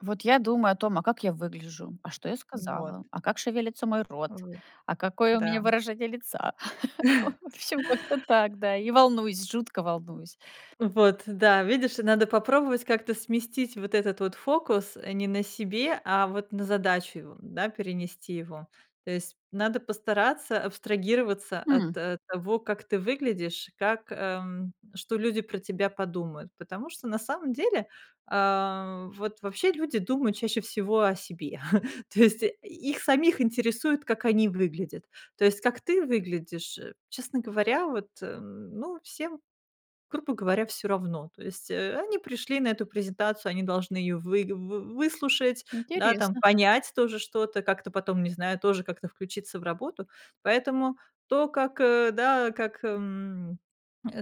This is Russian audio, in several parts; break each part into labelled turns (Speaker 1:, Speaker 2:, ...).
Speaker 1: Вот я думаю о том, а как я выгляжу, а что я
Speaker 2: Н
Speaker 1: сказала,
Speaker 2: вот.
Speaker 1: а как шевелится мой рот,
Speaker 2: Вот,
Speaker 1: а какое у меня
Speaker 2: да.
Speaker 1: выражение лица? В общем, как-то так, да. И волнуюсь, жутко волнуюсь.
Speaker 2: Вот, да, видишь, надо попробовать как-то сместить вот этот вот фокус, э, не на себе, а вот на задачу его, да, перенести его. То есть надо постараться абстрагироваться от,
Speaker 1: М.
Speaker 2: э, того, как ты выглядишь, как, эм что люди про тебя подумают, потому что на самом деле, а, вот вообще люди думают чаще всего о себе. То есть и их самих интересует, как они выглядят. То есть как ты выглядишь, честно говоря, вот, эм, ну, всем, грубо говоря, всё равно. То есть, э, они пришли на эту презентацию, они должны её выг вы выслушать, да, там
Speaker 1: Интересно.
Speaker 2: понять тоже что-то, как-то потом, не знаю, тоже как-то включиться в работу. Поэтому то, как, э, да, как эм,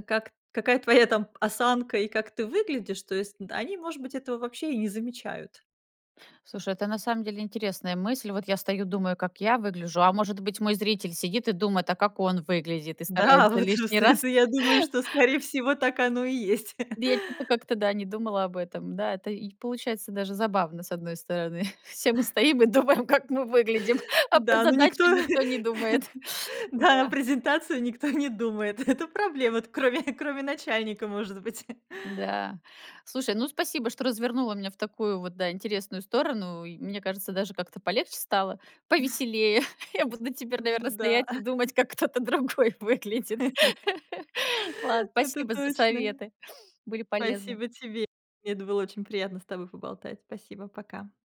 Speaker 2: как какая твоя там осанка и как ты выглядишь, то есть д они, может быть, этого вообще и не замечают.
Speaker 1: Слушай, это на самом деле интересная мысль. Вот я стою, думаю, как я выгляжу. А может быть, мой зритель сидит и думает: "А как он выглядит?"- и
Speaker 2: Да,
Speaker 1: старается
Speaker 2: вот всё
Speaker 1: лишний
Speaker 2: это,
Speaker 1: раз
Speaker 2: я думаю, что, скорее всего, так оно и есть.
Speaker 1: Бе, чё-то как-то, да, не думала об этом. Да, это и получается даже забавно, с одной стороны. Все мы стоим и думаем, как мы выглядим, а про
Speaker 2: Да, но
Speaker 1: задачу
Speaker 2: никто
Speaker 1: никто не думает. Ну
Speaker 2: да, на
Speaker 1: да.
Speaker 2: презентацию никто не думает. Это проблема, т кроме кроме начальника, может быть.
Speaker 1: Да. Слушай, ну, спасибо, что развернула меня в такую вот, да, интересную сторону, и, мне кажется, даже как-то полегче стало, повеселее. Я буду на теперь,
Speaker 2: Ну
Speaker 1: наверно,
Speaker 2: да.
Speaker 1: стоять и думать, как кто-то другой выглядит. Лад
Speaker 2: Это
Speaker 1: спасибо за
Speaker 2: точно.
Speaker 1: советы, были полезны.
Speaker 2: Спасибо тебе. Мне это было очень приятно с тобой поболтать. Спасибо, пока.